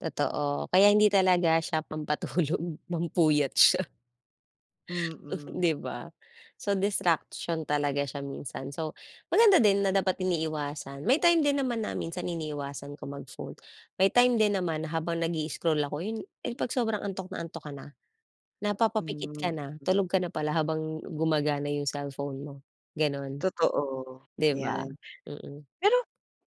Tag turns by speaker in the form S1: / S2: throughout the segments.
S1: Totoo, kaya hindi talaga siya pampatulog, pampuyat siya,
S2: Mm.
S1: 'di ba. So distraction talaga siya minsan. So, maganda din na dapat iniiwasan, may time din naman na minsan iniiwasan ko mag-phone, may time din naman habang nag-i-scroll ako, 'yun, eh, pag sobrang antok na antok ka na, napapapikit
S2: Hmm,
S1: ka na,
S2: mm.
S1: tulog ka na pala habang gumagana 'yung cellphone mo, gano'n.
S2: Totoo,
S1: 'Di ba,
S2: 'yan.
S1: mm.
S2: Pero,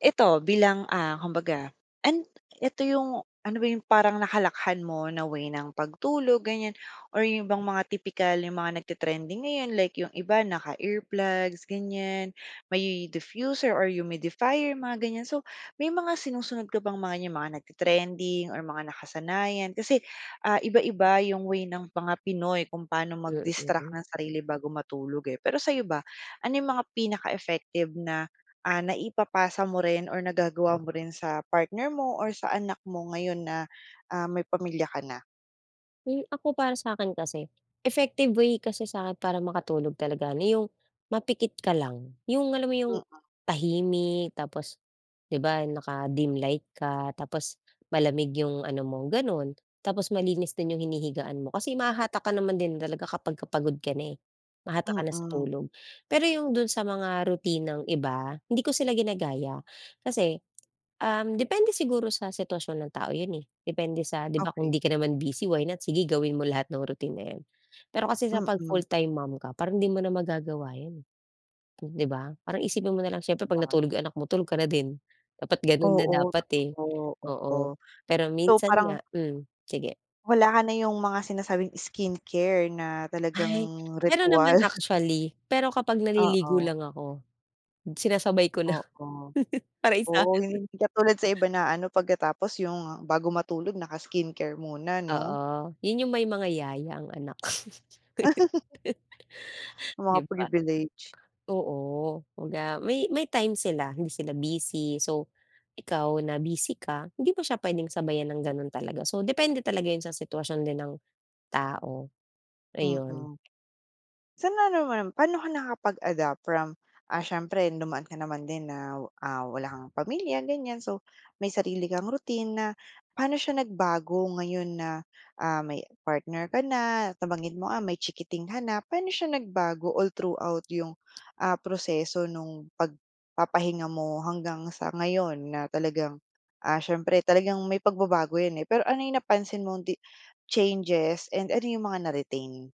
S2: eto bilang, ah, kumbaga and eto 'yung ano ba 'yung parang nakalakhan mo na way ng pagtulog ganiyan, or 'yung ibang mga tipikal, 'yung mga nagte trending ngayon, like 'yung iba naka-earplugs ganiyan, may diffuser or humidifier, mga ganiyan. So, may mga sinusunod ka bang mga 'yung mga nagte-trending or mga nakasanayan, kasi, ah, iba-iba 'yung way ng mga Pinoy kung paano mag-distract
S1: Mm.
S2: ng sarili bago matulog, eh. Pero sa'yo ba, ano 'yung mga pinaka-effective na, ah, naipapasa mo rin or nagagawa mo rin sa partner mo or sa anak mo ngayon na, ah, may pamilya ka na?
S1: Kung ako para sa'kin kasi, effective way kasi sa'kin para makatulog talaga na 'yung mapikit ka lang, 'yung alam mo 'yung,
S2: Mm.
S1: tahimik tapos 'di ba naka dim light ka, tapos malamig 'yung ano mo, gano'n. Tapos malinis din 'yung hinihigaan mo. Kasi mahahatak ka naman din talaga kapagka pagod ka na, eh, mahatak ka na sa
S2: Mm.
S1: tulog. Pero 'yung dun sa mga rutinang iba, hindi ko sila ginagaya, kasi, um, depende siguro sa sitwasyon ng tao 'yun eh, depende sa 'di ba kung
S2: Okey.
S1: 'di ka naman busy why not sige gawin mo lahat ng routine na 'yun. Pero kasi kapag pag full
S2: Mm.
S1: time mom ka, parang hindi mo na magagawa 'yun eh, 'di ba. Parang isipin mo nalang siyempre 'pag
S2: [unintelligible]
S1: natulog 'yung anak mo tulog ka na din, dapat ganun na
S2: Oo,
S1: dapat, eh,
S2: totoo, oo.
S1: oo. Pero
S2: So
S1: minsan nga
S2: parang
S1: mm, sige.
S2: Wala ka na 'yung mga sinasabing skincare na talagang
S1: Ay, meron
S2: ritwal.
S1: naman actually, pero kapag naliligo
S2: Oo.
S1: lang ako, sinasabay ko na.
S2: Oo.
S1: Para isahan.
S2: Oo, hindi katulad sa iba na ano pagkatapos yung, bago matulog naka skincare muna 'no.
S1: Oo, 'yun 'yung may mga yaya ang anak.
S2: Yung
S1: 'Di
S2: mga
S1: ba.
S2: priviledge.
S1: Oo, kumbaga may may time sila, hindi sila busy. So, ikaw na busy ka, hindi mo siya puwedeng sabayan ng gano'n talaga. So depende talaga 'yan sa sitwasyon din ng tao, ayun.
S2: Mm. Sa ano naman, pa'no ka nakapag-adapt from, ah, siyempre dumaan ka naman din na, ah, wala kang pamilya ganiyan, so may sarili kang routine na, pa'no siya nagbago ngayon na, ah, may partner ka na, nabanggit mo, ah, may chikiting ka na. Pa'no siya nagbago all throughout 'yung, ah, proseso nung pagpapahinga mo hanggang sa ngayon na talagang, ah, siyempre talagang may pagbabago 'yan eh. Pero ano 'yung napansin mong di changes and ano 'yung mga na-retain?